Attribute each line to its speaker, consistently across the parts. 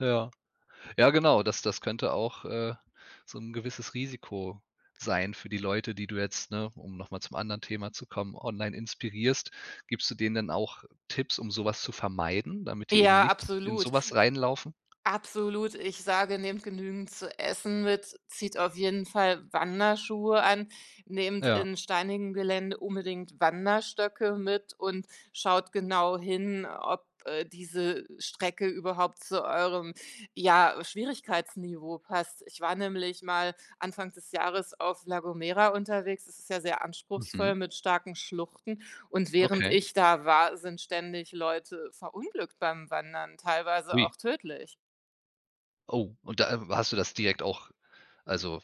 Speaker 1: Ja. Ja, genau, das das könnte auch, äh, so 'n gewisses Risiko sein für die Leute, die du jetzt, ne, um noch mal zum anderen Thema zu kommen, online inspirierst. Gibst du denen denn auch Tipps, um so was zu vermeiden, damit die eben
Speaker 2: Ja,
Speaker 1: nicht in
Speaker 2: absolut.
Speaker 1: so was reinlaufen?
Speaker 2: Absolut. Ich sage: „Nehmt genügend zu essen mit, zieht auf jeden Fall Wanderschuhe an, nehmt
Speaker 1: Ja.
Speaker 2: in steinigem Gelände unbedingt Wanderstöcke mit und schaut genau hin, ob, äh, diese Strecke überhaupt zu eurem, ja, Schwierigkeitsniveau passt.“ Ich war nämlich mal Anfang des Jahres auf La Gomera unterwegs. Das ist ja sehr anspruchsvoll
Speaker 1: Mhm.
Speaker 2: mit starken Schluchten. Und während
Speaker 1: Okay.
Speaker 2: ich da war, sind ständig Leute verunglückt beim Wandern, teilweise
Speaker 1: Ui.
Speaker 2: auch tödlich.
Speaker 1: Oh, und da w hast du das direkt auch, also,,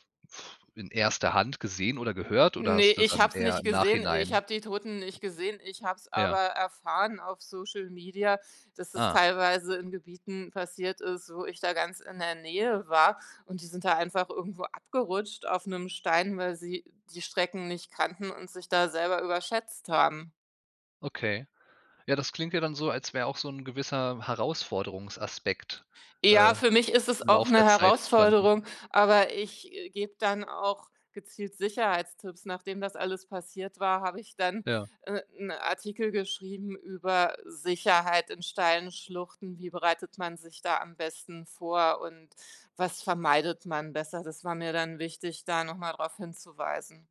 Speaker 1: in erster Hand gesehen, oder gehört oder
Speaker 2: Ne,
Speaker 1: hast du
Speaker 2: ich
Speaker 1: dann
Speaker 2: hab's
Speaker 1: eher
Speaker 2: nicht
Speaker 1: im
Speaker 2: gesehen. Ich
Speaker 1: Nachhinein
Speaker 2: hab die Toten nicht gesehen. Ich habe es aber
Speaker 1: Ja.
Speaker 2: erfahren auf Social Media, dass das
Speaker 1: Ah.
Speaker 2: teilweise in Gebieten passiert ist, wo ich da ganz in der Nähe war, und die sind da einfach irgendwo abgerutscht auf 'nem Stein, weil sie die Strecken nicht kannten und sich da selber überschätzt haben.
Speaker 1: Okay, ja, das klingt ja dann so, als wär auch so 'n gewisser Herausforderungsaspekt,
Speaker 2: Ja,
Speaker 1: äh,
Speaker 2: für mich ist
Speaker 1: im
Speaker 2: es auch
Speaker 1: Lauf
Speaker 2: 'ne
Speaker 1: der Zeit entstanden.
Speaker 2: Herausforderung, aber ich, äh, gebe dann dann auch gezielt Sicherheitstipps. Nachdem das alles passiert war, habe ich dann,
Speaker 1: Ja.
Speaker 2: äh, 'n Artikel geschrieben über Sicherheit in steilen Schluchten, wie bereitet man sich da am besten vor und was vermeidet man besser. Das war mir dann wichtig, da noch mal drauf hinzuweisen.